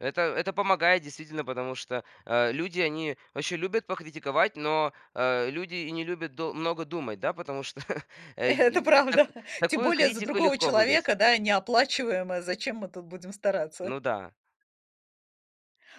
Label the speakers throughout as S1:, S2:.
S1: Это это помогает, действительно, потому что, э, люди- они очень любят покритиковать, но, э, люди и не любят до много думать, да, потому что, э,
S2: Это
S1: и так
S2: правда. Тем
S1: такую
S2: более, за
S1: критику
S2: другого
S1: легко выдать.
S2: человека, да, неоплачиваемое. Зачем мы тут будем стараться?
S1: Ну да.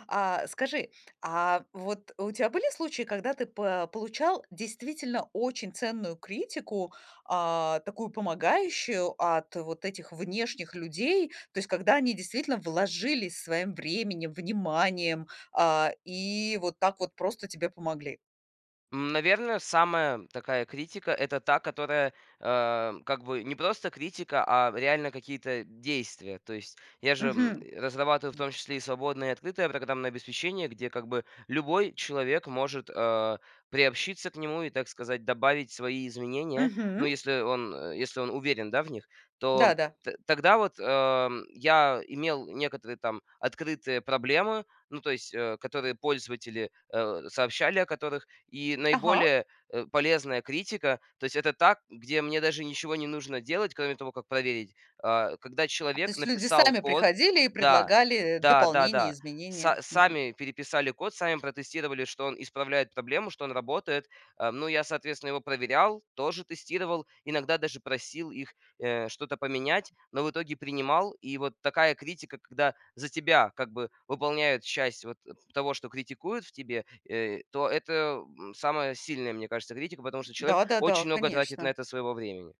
S2: А скажи, а вот у тя были случаи, когда ты по получал действительно очень ценную критику, а, такую, помогающую от вот этих внешних людей? То есть когда они действительно вложились своим временем, вниманием, а, и вот так вот просто тебе помогли.
S1: М, наверно, самая такая критика- это та, которая, а, как бы не просто критика, а реально какие-то действия. То есть я же, м,
S2: Мгм.
S1: разрабатываю, в
S2: М.
S1: том числе, и свободное, и открытое программное обеспечение, где как бы любой человек может, а, приобщиться к нему и, так сказать, добавить свои изменения. Но
S2: Мгм.
S1: если он, э, если он уверен, да, в них, то
S2: Да, да.
S1: т тогда вот, ам, я имел некоторые там открытые проблемы, ну, то есть, э, которые пользователи, э, сообщали о которых. И
S2: Ага.
S1: наиболее, э, полезная критика, то есть- это та, где мне даже ничего не нужно делать, кроме того, как проверить. А когда
S2: А, то
S1: человек
S2: есть, люди
S1: написал
S2: сами
S1: код
S2: приходили и
S1: Да,
S2: предлагали, э,
S1: да, да,
S2: дополнения,
S1: да. Са
S2: изменения. Мгм.
S1: сами переписали код, сами протестировали, что он исправляет проблему, что он работает. Ам. Ну я, соответственно, его проверял, тоже тестировал, иногда даже просил их, э, что-то поменять, но в итоге принимал. И вот такая критика, когда за тебя как бы выполняют часть вот, э, того, что критикуют в тебе, э, то это, м, самая сильная, мне кажется, критика, потому что человек
S2: Да, да, да,
S1: очень много тратит на
S2: конечно.
S1: это своего времени.